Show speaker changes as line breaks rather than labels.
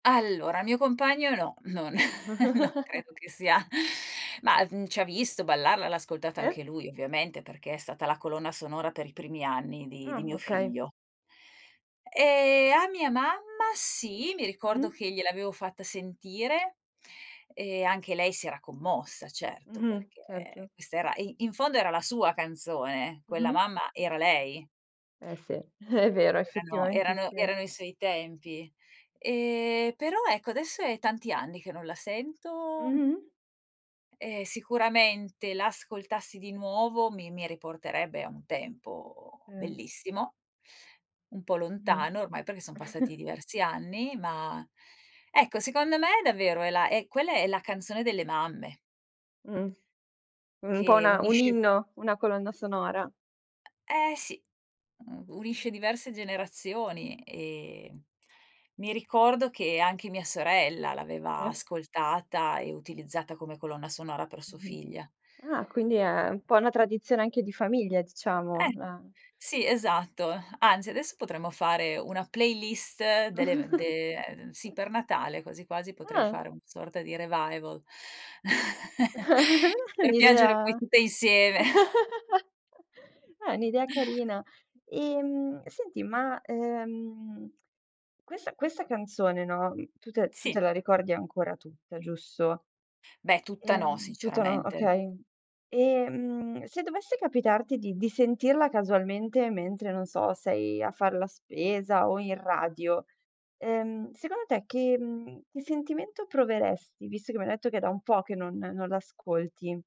Allora, il mio compagno no, non non credo che sia, mah, mhmm, ci ha visto ballarla, l'ha ascoltata
Sì.
anche lui, ovviamente, perché è stata la colonna sonora per i primi anni di di
Ah,
mio
okay.
figlio. Ehm, a mia mamma sì, mi ricordo
Mh-mh.
che gliel'avevo fatta sentire, e anche lei si era commossa, certo,
Mh-mh,
perché
certo.
questa era e in fondo era la sua canzone, quella
Mh-mh.
mamma era lei.
Eh sì, è vero,
Erano
effettivamente
erano
sì.
erano i suoi tempi. Ehm, però ecco, adesso è tanti anni che non la sento
Mh-mh.
E sicuramente, l'ascoltassi di nuovo mi mi riporterebbe a un tempo
Mh.
bellissimo. Un po'
Mh.
lontano ormai, perché son passati diversi anni, ma, ecco secondo me davvero è la quella è la canzone delle mamme.
Mh. Un po'
Che
una un
unisce
inno, una colonna sonora.
E-eh sì, mhmm, unisce
Mh-mh.
diverse generazioni, e mi ricordo, che anche mia sorella l'aveva
Sì.
ascoltata, e utilizzata come colonna sonora per sua
Mh-mh.
figlia.
Ah, quindi è un po' una tradizione anche di famiglia, diciamo,
Eh,
eh.
sì, esatto. Anzi, adesso potremmo fare una playlist delle de ehm, sì per Natale, quasi quasi potrei
Ah.
fare una sorta di revival
È
per piangere poi
un'idea
tutte insieme.
eh, è un'idea carina. Ehm, senti, ma, ehm, questa questa canzone, no, tu te la tu
Sì.
te la ricordi ancora tutta, giusto?
Beh, tutta no
Ehm, tutta no,
sinceramente.
okay. Ehm, se dovesse capitarti di di sentirla casualmente mentre, non so, sei a far la spesa o in radio, ehm, secondo te, che, mhmm, che sentimento proveresti? Visto che m'hai detto che è da un po', che non non l'ascolti.